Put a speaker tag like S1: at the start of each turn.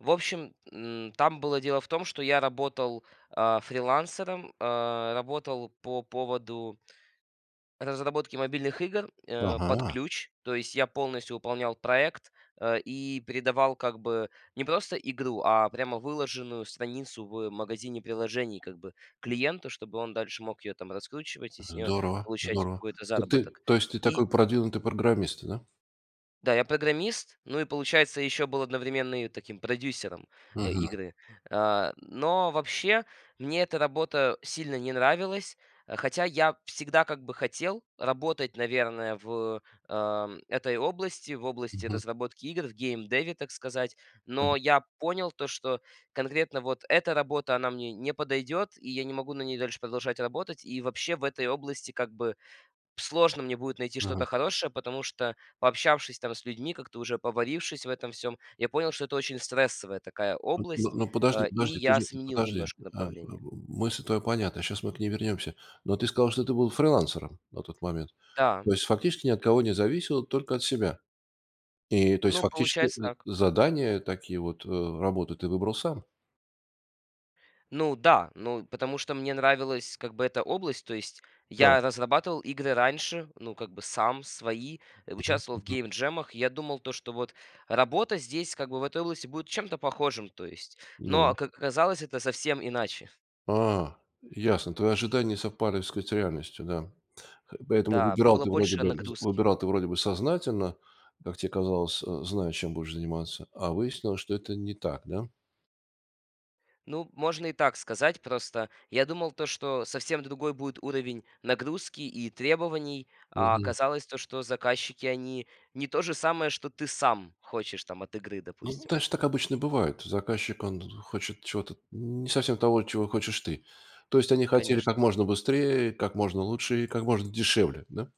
S1: В общем, м, там было дело в том, что я работал, а, фрилансером, а, работал по поводу разработки мобильных игр, а, под
S2: Ага.
S1: ключ. То есть я полностью выполнял проект, а, и передавал как бы не просто игру, а прямо выложенную страницу в магазине приложений, как бы клиенту, чтобы он дальше мог её там раскручивать и с неё
S2: Здорово,
S1: получать
S2: здорово.
S1: какой-то
S2: То ты
S1: заработок.
S2: то есть ты
S1: И
S2: такой продвинутый программист, да?
S1: Да, я программист, ну, и получается, ещё был одновременно и таким продюсером, а,
S2: Мгм.
S1: игры. А, но вообще мне эта работа сильно не нравилась, хотя я всегда, как бы, хотел работать, наверное, в, а этой области, в области
S2: Мгм.
S1: разработки игр, в геймдеве, так сказать. Но
S2: Мгм.
S1: я понял то, что конкретно вот эта работа, она мне не подойдет, и я не могу на ней дальше продолжать работать. И вообще, в этой области, как бы, сложно мне будет найти
S2: Мгм.
S1: что-то хорошее, потому что, пообщавшись там с людьми, как-то уже поварившись в этом всём, я понял, что это очень стрессовая такая
S2: Н
S1: область.
S2: ну,
S1: А,
S2: подожди
S1: и
S2: подожди. Ты
S1: я
S2: же
S1: сменил
S2: подожди.
S1: немножко
S2: А, м
S1: направление.
S2: мысль твоя понятна, щас мы к ней вернемся. Но ты сказал, что ты был фрилансером на тот момент.
S1: Да.
S2: То есть, фактически ни от кого не зависел, только от себя. И то есть,
S1: Ну,
S2: фактически, э,
S1: получается так.
S2: задания такие вот, э, работы ты выбрал сам.
S1: Ну да, ну, потому что мне нравилась, как бы, эта область. То есть
S2: Да.
S1: я разрабатывал игры раньше, ну, как бы, сам, свои, а
S2: Мгм,
S1: участвовал в
S2: мгм.
S1: гейм-джемах. Я думал, то, что вот работа здесь, как бы, в этой области будет чем-то похожим, то есть. Но,
S2: Ну?
S1: как оказалось, это совсем иначе.
S2: А, ясно. Твои ожидания не совпали, так сказать, с реальностью, да. Поэтому
S1: Да.
S2: выбирал
S1: Было
S2: ты вроде
S1: больше
S2: бы с
S1: нагрузки.
S2: выбирал ты вроде бы сознательно, как те казалось, а, зная, чем будешь заниматься, а выяснилось, что это не так, да?
S1: Ну, можно и так сказать. Просто я думал то, что совсем другой будет уровень нагрузки и требований. А
S2: Мгм.
S1: оказалось то, что заказчики, они не то же самое, что ты сам хочешь там от игры,
S2: Ну,
S1: допустим.
S2: знаешь, так обычно бывает. Заказчик, он хочет чего-то не совсем того, чего хочешь ты. То есть они хотели
S1: Конечно.
S2: как можно быстрее, как можно лучше и как можно дешевле, да?